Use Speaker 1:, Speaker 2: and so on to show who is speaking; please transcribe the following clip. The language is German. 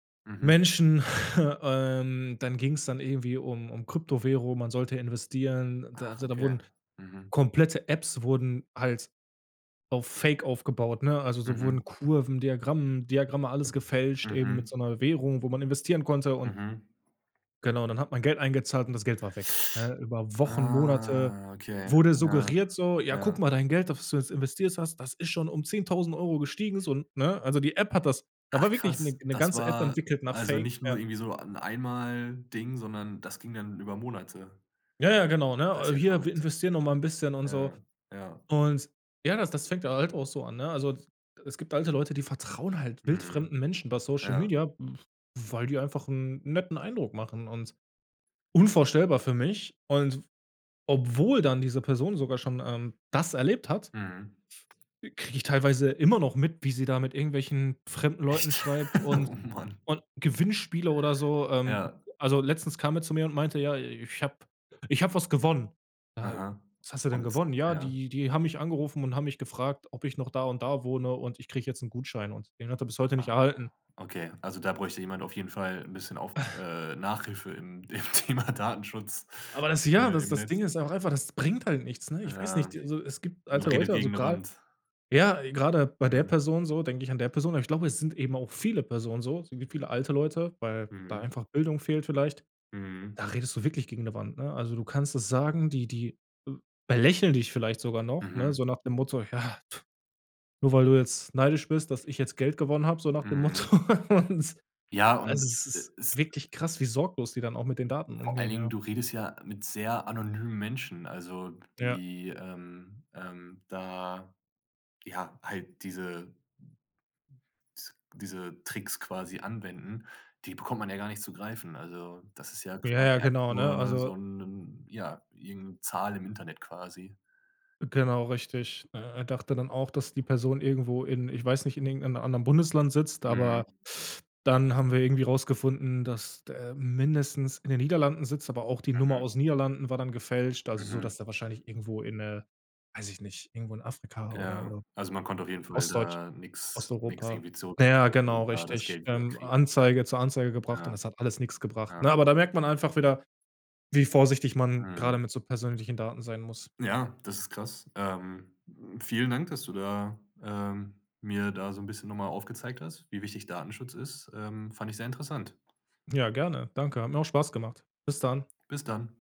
Speaker 1: Mhm.
Speaker 2: Menschen, ähm, dann ging's dann irgendwie um um Kryptowährung, man sollte investieren. Da
Speaker 1: Ach,
Speaker 2: also, da
Speaker 1: okay,
Speaker 2: wurden
Speaker 1: mhm.
Speaker 2: komplette Apps wurden halt auf Fake aufgebaut, ne? Also, so wurden
Speaker 1: Mhm.
Speaker 2: Kurven, Diagramm Diagramme, alles gefälscht eben mit
Speaker 1: Mhm.
Speaker 2: so 'ner Währung, wo man investieren konnte und
Speaker 1: Mhm.
Speaker 2: genau, und dann hat man Geld eingezahlt und das Geld war weg, ne? Über Wochen, Monate
Speaker 1: Ah, okay,
Speaker 2: wurde
Speaker 1: ja,
Speaker 2: suggeriert so: „Ja, guck
Speaker 1: ja.
Speaker 2: mal, dein Geld, das, was du jetzt investierst hast, das ist schon um 10.000 € gestiegen.“ So, ne? Also, die App hat das da
Speaker 1: Ach,
Speaker 2: war wirklich 'ne
Speaker 1: krass,
Speaker 2: 'ne
Speaker 1: das
Speaker 2: ganze App
Speaker 1: war
Speaker 2: entwickelt nach
Speaker 1: also
Speaker 2: Fake
Speaker 1: nicht nur
Speaker 2: Ja.
Speaker 1: irgendwie so 'n Einmalding, sondern das ging dann über Monate.
Speaker 2: Ja, ja, genau,
Speaker 1: Das
Speaker 2: ne?
Speaker 1: ja
Speaker 2: Hier, wir
Speaker 1: verrückt.
Speaker 2: investieren noch mal 'n bisschen und so.
Speaker 1: Ja, ja.
Speaker 2: Und, ja, das das fängt halt auch so an, ne? Also, es gibt alte Leute, die vertrauen halt
Speaker 1: Mhm,
Speaker 2: wildfremden Menschen über Social
Speaker 1: ja.
Speaker 2: Media, w weil die einfach 'n netten Eindruck machen und unvorstellbar für mich. Und obwohl dann diese Person sogar schon, ähm, das erlebt hat
Speaker 1: Mhm.
Speaker 2: kriege ich teilweise immer noch mit, wie sie da mit irgendwelchen fremden Leuten
Speaker 1: Echt?
Speaker 2: schreibt und
Speaker 1: Oh, Mann.
Speaker 2: und Gewinnspiele oder so ähm,
Speaker 1: Ja.
Speaker 2: also letztens kam er zu mir und meinte, ja: „Ich habe ich habe was gewonnen.“ „Ja,
Speaker 1: Aha
Speaker 2: was haste denn
Speaker 1: und
Speaker 2: gewonnen?" „Ja,
Speaker 1: ja.
Speaker 2: die die haben mich angerufen und haben mich gefragt, ob ich noch da und da wohne und ich kriege jetzt 'n Gutschein" und den hat er bis heute nicht erhalten.
Speaker 1: Okay, also da bräuchte jemand auf jeden Fall 'n bisschen auf äh, Nachhilfe im im Thema Datenschutz,
Speaker 2: Aber das, ja
Speaker 1: äh,
Speaker 2: das
Speaker 1: im
Speaker 2: das Ding
Speaker 1: Netz.
Speaker 2: ist auch einfach, das bringt halt nichts, ne? Ich weiß nicht,
Speaker 1: Ja,
Speaker 2: d also, es gibt
Speaker 1: man
Speaker 2: alte
Speaker 1: redet
Speaker 2: Leute, also
Speaker 1: gegen 'ne
Speaker 2: grade
Speaker 1: Wand.
Speaker 2: ja, gerade bei der
Speaker 1: Mhm.
Speaker 2: Person so, denke ich an der Person aber ich glaube, es sind eben auch viele Personen so, es gibt viele alte Leute, weil da
Speaker 1: Mhm.
Speaker 2: einfach Bildung fehlt vielleicht.
Speaker 1: Mhm.
Speaker 2: Da redest du wirklich gegen 'ne Wand, ne? Also, du kannst es sagen, die die belächeln dich vielleicht sogar noch, ne,
Speaker 1: Mhm.
Speaker 2: so nach dem Motto: „Ja, nur weil du jetzt neidisch bist, dass ich jetzt Geld gewonnen habe" so nach dem
Speaker 1: Mhm.
Speaker 2: Motto.
Speaker 1: Ja, und
Speaker 2: Also, es
Speaker 1: e
Speaker 2: ist
Speaker 1: es
Speaker 2: wirklich krass, wie sorglos die dann auch mit den Daten
Speaker 1: Vor allen
Speaker 2: umgehen,
Speaker 1: Dingen,
Speaker 2: ja.
Speaker 1: du redest ja mit sehr anonymen Menschen, also
Speaker 2: Ja.
Speaker 1: die, ähm ähm, da ja, halt diese s diese Tricks quasi anwenden. Die bekommt man ja gar nicht zu greifen. Also, das ist ja
Speaker 2: Ja, ja,
Speaker 1: quasi einfach
Speaker 2: genau, ne?
Speaker 1: nur so
Speaker 2: Also
Speaker 1: 'nen ja, irgend 'ne Zahl im Internet quasi.
Speaker 2: Genau, richtig. Er dachte dann auch, dass die Person irgendwo in ich weiß nicht, in irgend 'nem anderen Bundesland sitzt, aber
Speaker 1: Mhm.
Speaker 2: dann haben wir irgendwie rausgefunden, dass der mindestens in den Niederlanden sitzt, aber auch die Nummer
Speaker 1: Mhm.
Speaker 2: aus Niederlanden war dann gefälscht, also so,
Speaker 1: Mhm.
Speaker 2: dass der wahrscheinlich irgendwo in äh, weiß ich nicht, irgendwo in Afrika oder
Speaker 1: Ja,
Speaker 2: oder
Speaker 1: also man konnte auf jeden Fall
Speaker 2: Ostdeutsch
Speaker 1: da nix nix
Speaker 2: Osteuropa
Speaker 1: irgendwie
Speaker 2: na ja,
Speaker 1: zurückverfolgen,
Speaker 2: genau,
Speaker 1: da das
Speaker 2: richtig,
Speaker 1: Geld wieder
Speaker 2: ähm,
Speaker 1: kriegen.
Speaker 2: Anzeige zur Anzeige gebracht und
Speaker 1: Ja,
Speaker 2: das hat alles nix gebracht,
Speaker 1: ja.
Speaker 2: ne? Aber da merkt man einfach wieder, wie vorsichtig man grade
Speaker 1: Mhm.
Speaker 2: mit so persönlichen Daten sein muss.
Speaker 1: Ja, das ist krass, ähm. Vielen Dank, dass du da, ähm, mir da so 'n bisschen noch mal aufgezeigt hast, wie wichtig Datenschutz ist, ähm, fand ich sehr interessant.
Speaker 2: Ja, gerne, danke. Hat mir auch Spaß gemacht, bis dann.
Speaker 1: Bis dann.